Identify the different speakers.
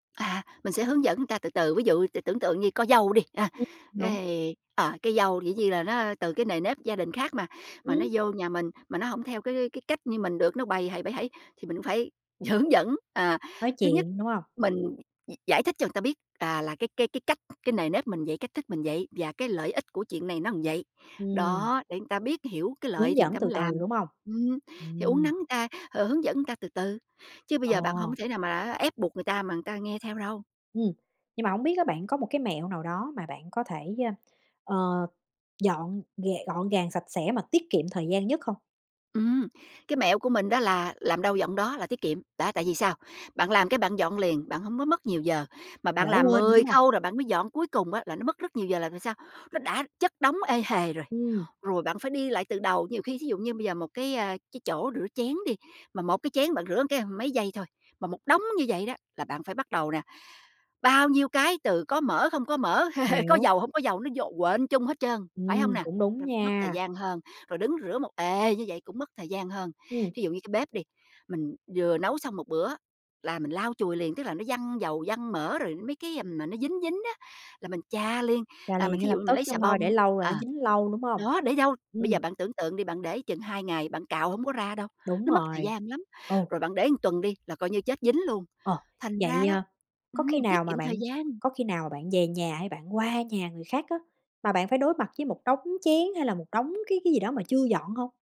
Speaker 1: À, mình sẽ hướng dẫn người ta từ từ, ví dụ t tưởng tượng như có dâu đi, a,
Speaker 2: Ưm, đúng.
Speaker 1: cái, ờ, cái dâu dĩ nhiên là nó từ cái nề nếp gia đình khác mà, mà nó
Speaker 2: Ừm.
Speaker 1: vô nhà mình mà nó hổng theo cái cái cách như mình được, nó bầy hầy, bẩy hẩy, thì mình cũng phải hướng dẫn. À,
Speaker 2: Nói
Speaker 1: thứ nhất
Speaker 2: chuyện, đúng hông?
Speaker 1: mình, gi giải thích cho người ta biết à, là cái kê cái cách, cái nề nếp mình vậy, cách thức mình vậy và cái lợi ích của chuyện này nó là vậy.
Speaker 2: Ừm.
Speaker 1: Đó, để người ta biết, hiểu cái lợi
Speaker 2: Hướng
Speaker 1: thì người
Speaker 2: dẫn
Speaker 1: ta
Speaker 2: từ
Speaker 1: mới
Speaker 2: từ,
Speaker 1: làm.
Speaker 2: đúng hông?
Speaker 1: Ừm, thì uốn
Speaker 2: Ừm.
Speaker 1: nắn ta, h hướng dẫn người ta từ từ, chứ bây
Speaker 2: Ờ.
Speaker 1: giờ bạn hổng có thể nào mà á ép buộc người ta mà người ta nghe theo đâu.
Speaker 2: Ừm. Nhưng mà hổng biết á bạn có một cái mẹo nào đó mà bạn có thể, ơ, ờ, dọn gàng gọn gàng, sạch sẽ mà tiết kiệm thời gian nhất không?
Speaker 1: Ừm. Cái mẹo của mình đó là làm đâu dọn đó là tiết kiệm, đó, tại vì sao? Bạn làm cái bạn dọn liền, bạn hông có mất nhiều giờ, mà
Speaker 2: Mà
Speaker 1: bạn
Speaker 2: đỡ
Speaker 1: làm
Speaker 2: quên nữa,
Speaker 1: 10
Speaker 2: đúng hông?
Speaker 1: khâu rồi bạn mới dọn, cuối cùng á là nó mất rất nhiều giờ là vì sao? Nó đã chất đống ê hề rồi,
Speaker 2: Ừm.
Speaker 1: rồi bạn phải đi lại từ đầu, nhiều khi thí dụ như bây giờ một cái, a, cái chỗ rửa chén đi, mà một cái chén bạn rửa một cái, ưm, mấy giây thôi, mà một đống như vậy đó là bạn phải bắt đầu nè, bao nhiêu cái từ có mỡ, không có mỡ, có
Speaker 2: Hiểu.
Speaker 1: dầu, hổng có dầu, nó vô quện chung hết trơn, phải hông
Speaker 2: Ừm,
Speaker 1: nà?
Speaker 2: cũng đúng
Speaker 1: Mất thời
Speaker 2: nha.
Speaker 1: gian hơn, rồi đứng rửa một ề như vậy cũng mất thời gian hơn.
Speaker 2: Ừm.
Speaker 1: Thí dụ như cái bếp đi, mình vừa nấu xong 1 bữa là mình lau chùi liền, tức là nó văng dầu, văng mỡ rồi mấy cái, ừm, mà nó dính dính á là mình chà liền,
Speaker 2: Chà
Speaker 1: à,
Speaker 2: liền
Speaker 1: mình
Speaker 2: ngay
Speaker 1: thí
Speaker 2: lập
Speaker 1: dụ như mình
Speaker 2: tức
Speaker 1: lấy
Speaker 2: chứ
Speaker 1: xà
Speaker 2: hông thôi
Speaker 1: bông
Speaker 2: để lâu là
Speaker 1: ờ,
Speaker 2: nó dính lâu, đúng hông?
Speaker 1: đó, để dâu bây
Speaker 2: Ừm.
Speaker 1: giờ bạn tưởng tượng đi, bạn để chừng 2 ngày, bạn cạo hổng có ra đâu,
Speaker 2: Đúng
Speaker 1: nó mất thời
Speaker 2: rồi.
Speaker 1: gian lắm.
Speaker 2: Ồ.
Speaker 1: Rồi bạn để một tuần đi là coi như chết dính luôn,
Speaker 2: Ờ.
Speaker 1: thành
Speaker 2: Vậy,
Speaker 1: ra đó
Speaker 2: ờ, có khi
Speaker 1: ừm,
Speaker 2: nào
Speaker 1: tiết
Speaker 2: mà
Speaker 1: kiệm thời
Speaker 2: bạn
Speaker 1: gian.
Speaker 2: có khi nào mà bạn về nhà hay bạn qua nhà người khác á, mà bạn phải đối mặt với một đống chén hay là một đống cái cái gì đó mà chưa dọn hông?